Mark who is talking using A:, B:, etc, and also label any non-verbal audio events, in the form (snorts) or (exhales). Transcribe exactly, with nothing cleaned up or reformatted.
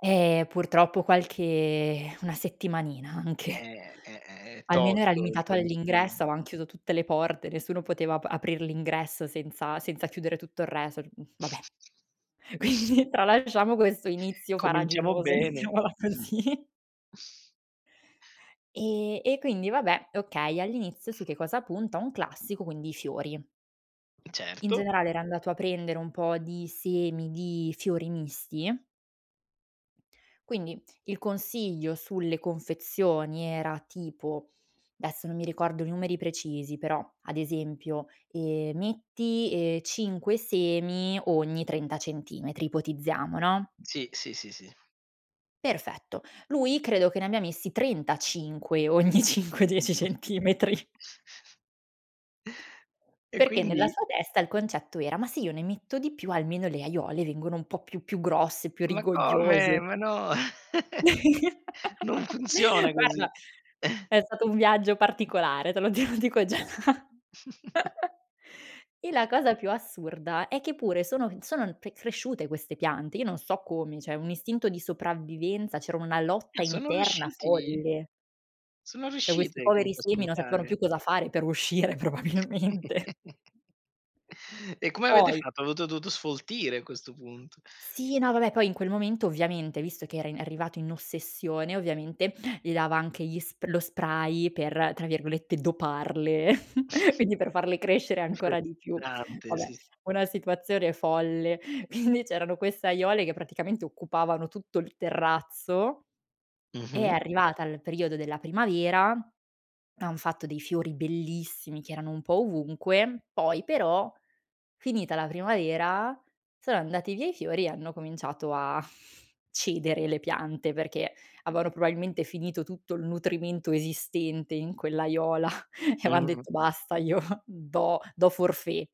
A: Eh, purtroppo qualche (exhales) una settimanina anche!
B: Eh! È è è
A: Almeno, era
B: tosto il
A: limitato
B: concim
A: all'ingresso, avean chiuso tutte le porte, nessuno poteva ap aprir l'ingresso senza senza chiudere tutto il resort, mhmm, va beh!
B: (chuckles)
A: Quindi, tralasciamo quesso inizio
B: Cominciamo
A: faraginoso,
B: bene!
A: mettiamola così!
B: (snorts)
A: E e quindi vabbè, okay, all'inizio su che cosa punta, un classico: quindi, i fiori. In
B: Certo.
A: generale, era andato a prendere un po' di semi di fiori misti. Quindi, il consiglio sulle confezioni era tipo, desso non mi ricordo i numeri precisi però, ad esempio: "Ehm, metti, ehm, cinque semi ogni trenta centimetri", ipotizziamo, no?
B: Sì, sì, sì, sì.
A: Perfetto. Lui, credo che ne ammia messi trentacinque ogni cinque dieci centimetri!
B: (chuckles) E
A: Perché nella
B: quindi
A: sua testa il concetto era: "Ma se io ne metto di più, almeno le aiole vengono un po' più più grosse, più
B: Ma come?
A: rigogliose".
B: Ma no!
A: (chuckles)
B: (chuckles) Non funziona così!
A: Guarda,
B: (chuckles)
A: è stato un viaggio particolare, te lo di dico già! (chuckles)
B: (chuckles)
A: E la cosa più assurda è che pure sono en sono pe cresciute queste piante, io non so come. ceh, un istinto di sopravvivenza, c'era una
B: Ah!
A: lotta
B: Sono
A: interna
B: riusciti
A: folle!
B: sono
A: ceh, questi
B: ruscite,
A: poveri
B: comunque, a
A: semi non sapevano
B: spuntare.
A: più cosa fare per uscire probabilmente!
B: (giggles) E come avete
A: Poi
B: fatto? Avoto douto sfoltire, a questo punto!
A: Sì no, vabbè, poi in quel momento, ovviamente, visto che era in è arrivato in ossessione, ovviamente, gli dava anche gli sp lo spray per, tra virgolette, "doparle" (chuckles)
B: (snorts)
A: quindi, per farle crescere
B: Il
A: ancora di più.
B: fertilizzante.
A: Vabbè,
B: Sì, sì.
A: una situazione folle. Quindi, c'erano quesse aiole che praticamente occupavano tutto il terrazzo. È
B: Mh-mh.
A: arrivata il periodo della primavera, hanno fatto dei fiori bellissimi che erano un po' ovunque. Poi però, finita la primavera sono andati via i fiori e hanno cominciato a (snorts) cedere le piante, perché aveano probabilmente finito tutto il nutrimento esistente in quell'aiola (chuckles) e avean detto
B: Mh.
A: "Basta, io do do forfait!"